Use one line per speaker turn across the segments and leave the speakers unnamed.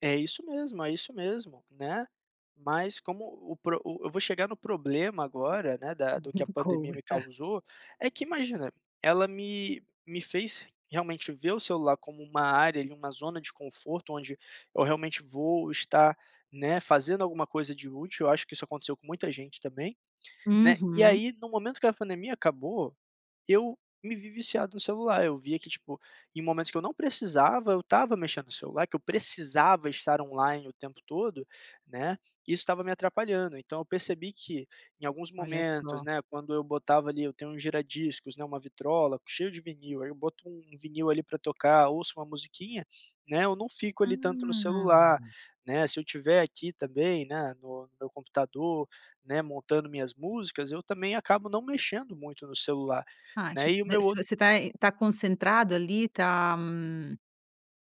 É isso mesmo, é isso mesmo, né, mas como o o pro eu vou chegar no problema agora, né, da do que
Me
a pandemia me
conta.
causou, é que imagina, ela me me fez realmente ver o celular como uma área ali, uma zona de conforto onde eu realmente vou estar, né, fazendo alguma coisa de útil, eu acho que isso aconteceu com muita gente também, né, e
Uhum.
aí no momento que a pandemia acabou, eu me vi viciado no celular, eu via que tipo, em momentos que eu não precisava, eu estava mexendo celular, que eu precisava estar online o tempo todo, né, e isso estava me atrapalhando, então eu percebi que em alguns
Olha
momentos
só.
né quando eu botava ali eu tenho um gira-discos, né, uma vitrola cheio de vinil, aí eu boto um vinil ali para tocar, ouço uma musiquinha, né, eu não fico ali tanto no celular,
Ah.
né, se eu estiver aqui também, né, no no meu computador, né, montando minhas músicas, eu também acabo não mexendo muito no celular,
Ah
né
tipo
e o
você
meu ou
você tá tá concentrado ali, tá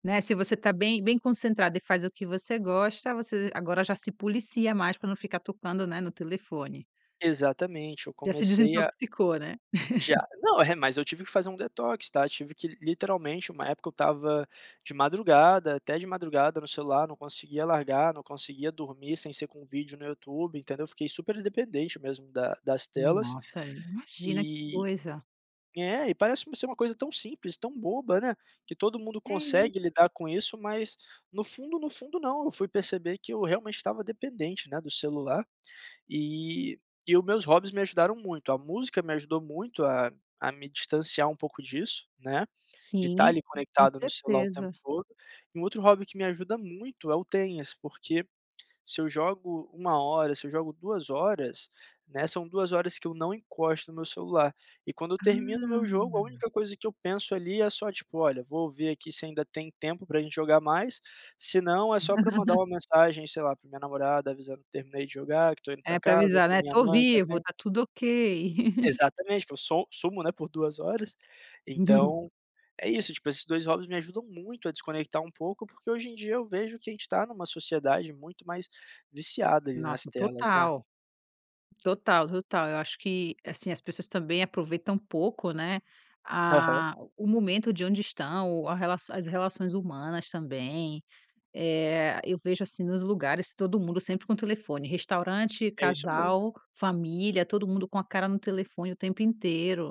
né, se você tá bem bem concentrado e faz o que você gosta, você agora já se policia mais para não ficar tocando, né, no telefone.
Exatamente, eu
Já se
comecei a
desintoxicou, né.
Já. Não, é mas eu tive que fazer um detox, tá, tive que literalmente, uma época eu estava de madrugada até de madrugada no celular, não conseguia largar, não conseguia dormir sem ser com vídeo no YouTube entendeu, eu fiquei super dependente mesmo da das telas,
Nossa, imagina que
e
coisa.
é e parece ser uma coisa tão simples, tão boba, né, que todo mundo
É
consegue lidar
isso.
com isso, mas no fundo, no fundo. não. Eu fui perceber que eu realmente estava dependente, né, do celular, e e o meus hobbies me ajudaram muito, a música me ajudou muito a a me distanciar um pouco disso, né, de estar
Sim,
ali
com
conectado no celular o tempo
certeza.
todo, e um outro hobby que me ajuda muito é o tenis, porque se eu jogo 1 hora, se eu jogo 2 horas, né, são 2 horas que eu não encosto no meu celular, e quando eu termino o meu jogo a
Ah.
única coisa que eu penso ali é só tipo: "Olha, vou ver aqui se ainda tem tempo para gente jogar mais", senão é só para mandar uma mensagem, sei lá, pra minha namorada avisando que terminei de jogar, que estou indo para
É para
casa ou
avisar,
para
né,
minha
"To
mãe
vivo,
também.
tá tudo ok".
Exatamente, porque eu sou sumo, né, por 2 horas, então é isso, tipo esses 2 hobbies me ajudam muito a desconectar um pouco, porque hoje em dia eu vejo que a gente tá em uma sociedade muito mais viciada ali nas
Nossa
telas né.
total, total, total, eu acho que, assim, as pessoas também aproveitam pouco, né,
Aham.
a o momento de onde estão, a relação as relações humanas também. Eh, eu vejo, assim, nos lugares todo mundo sempre com telefone, restaurante,
É isso mesmo.
casal, família, todo mundo com a cara no telefone o tempo inteiro.